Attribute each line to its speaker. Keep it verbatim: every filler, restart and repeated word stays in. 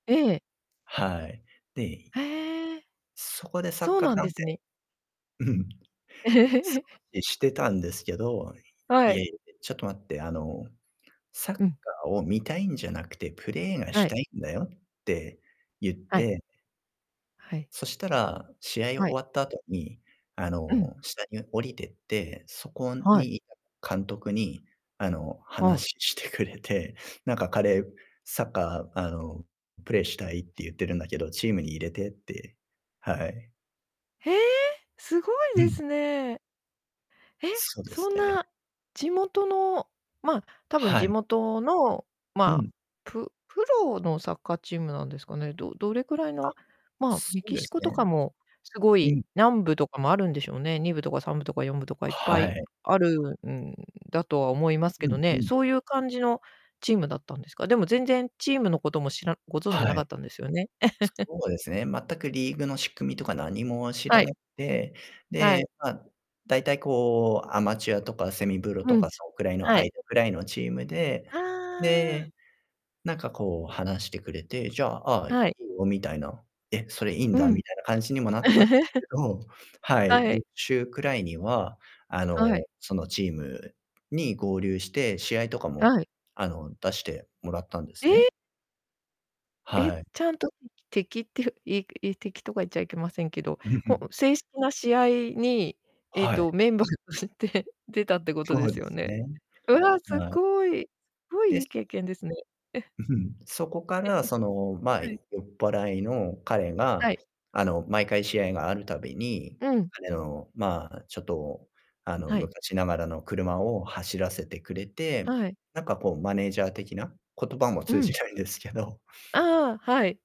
Speaker 1: ええ。
Speaker 2: はい。で
Speaker 1: へえ。
Speaker 2: そこでサッ
Speaker 1: そう
Speaker 2: カー
Speaker 1: なん
Speaker 2: 観
Speaker 1: です
Speaker 2: 戦
Speaker 1: ね。
Speaker 2: うん。す ごいしてたんですけど、
Speaker 1: は
Speaker 2: 「いや、
Speaker 1: い。
Speaker 2: いえ、で、ちょっと待って、あの、サッカ
Speaker 1: うん。
Speaker 2: ーを見たいんじゃなくて、プレーが
Speaker 1: は
Speaker 2: し
Speaker 1: い。
Speaker 2: たいんだよ」って言っ
Speaker 1: はい。
Speaker 2: て
Speaker 1: はい。
Speaker 2: そしたら、試合終
Speaker 1: はい。
Speaker 2: わった後に、あ
Speaker 1: うん。
Speaker 2: の、下に降りてって、そこ
Speaker 1: はい。
Speaker 2: に居た監督に、あの、
Speaker 1: はい。
Speaker 2: 話ししてくれて、「なんか彼『サッカー、あの、プレイしたい』って言ってるんだけど、チームに入れて」って。はい。
Speaker 1: へえ！すごい
Speaker 2: う
Speaker 1: で
Speaker 2: ん。
Speaker 1: すね。へ。
Speaker 2: そうで
Speaker 1: そ
Speaker 2: す
Speaker 1: ん
Speaker 2: ね。
Speaker 1: な地元の、ま、多分
Speaker 2: は
Speaker 1: 地
Speaker 2: い。
Speaker 1: 元の、
Speaker 2: う
Speaker 1: まあ、
Speaker 2: ん。
Speaker 1: ぷプロのサッカーチームなんですかね。どどれくらい
Speaker 2: あ、
Speaker 1: の、まあ、
Speaker 2: そ
Speaker 1: メ
Speaker 2: う
Speaker 1: キ
Speaker 2: で
Speaker 1: シ
Speaker 2: す
Speaker 1: コと
Speaker 2: ね。
Speaker 1: かもすご
Speaker 2: う
Speaker 1: い
Speaker 2: ん。
Speaker 1: 何部とかもあるんでしょうね。にぶとかさんぶとかよんぶとかいっぱ
Speaker 2: は
Speaker 1: い
Speaker 2: い。
Speaker 1: あるんだとは思いますけ
Speaker 2: う
Speaker 1: ど
Speaker 2: んう
Speaker 1: ね。
Speaker 2: ん。
Speaker 1: そういう感じのチームだったんですか。でも全然チームのことも知らご存じな
Speaker 2: はい。
Speaker 1: かったんですよね。
Speaker 2: そうですね、全くリーグの仕組みとか何も知
Speaker 1: は
Speaker 2: ら
Speaker 1: い。
Speaker 2: なくて、
Speaker 1: は
Speaker 2: で、
Speaker 1: い。
Speaker 2: まあ、大体こうアマチュアとかセミブロと
Speaker 1: う
Speaker 2: か、
Speaker 1: ん、
Speaker 2: そん位の
Speaker 1: は
Speaker 2: 間
Speaker 1: い。
Speaker 2: 位のチームで、
Speaker 1: ああ。
Speaker 2: で、なんかこう話してくれて、「じゃあ、ああ、い
Speaker 1: はい。
Speaker 2: いよ」みたいな、「え、それいいん
Speaker 1: う
Speaker 2: だ」
Speaker 1: ん。
Speaker 2: みたいな感じにもなったんです けど、はい、
Speaker 1: はい。
Speaker 2: 翌週位には、あ
Speaker 1: は
Speaker 2: の、
Speaker 1: い。
Speaker 2: そのチームに合流して、試合とかも
Speaker 1: はい。
Speaker 2: あの、出してもらったんです
Speaker 1: え
Speaker 2: ね。
Speaker 1: え？え、
Speaker 2: はい。
Speaker 1: ちゃんと敵敵っていういくい敵とか言っちゃいけませんけど、
Speaker 2: うん、ふ
Speaker 1: ほ
Speaker 2: ん。
Speaker 1: う正式な試合に、ええ
Speaker 2: はい。
Speaker 1: と、メンバーとして出たってこと
Speaker 2: そ
Speaker 1: で
Speaker 2: う
Speaker 1: す
Speaker 2: で
Speaker 1: よ
Speaker 2: す
Speaker 1: ね。
Speaker 2: ね。
Speaker 1: うわ、すっ
Speaker 2: はい。
Speaker 1: ごい。すごい
Speaker 2: で、
Speaker 1: いい
Speaker 2: そこ
Speaker 1: 経験ですね。
Speaker 2: うふん。そこか
Speaker 1: えっ
Speaker 2: ら、
Speaker 1: と、
Speaker 2: その、まあ、
Speaker 1: は
Speaker 2: い
Speaker 1: い。
Speaker 2: 酔っ払いの彼
Speaker 1: は
Speaker 2: が、
Speaker 1: い。
Speaker 2: あの、毎回試合があるたびに、
Speaker 1: うん。
Speaker 2: 彼の、まあ、ちょっとあの、
Speaker 1: はい。
Speaker 2: 昔ながらの車を走らせてくれて、
Speaker 1: はい。
Speaker 2: なんかこうマネージャー的な。言葉も
Speaker 1: う
Speaker 2: 通じ
Speaker 1: ん。
Speaker 2: ないんですけど
Speaker 1: ああ、はい。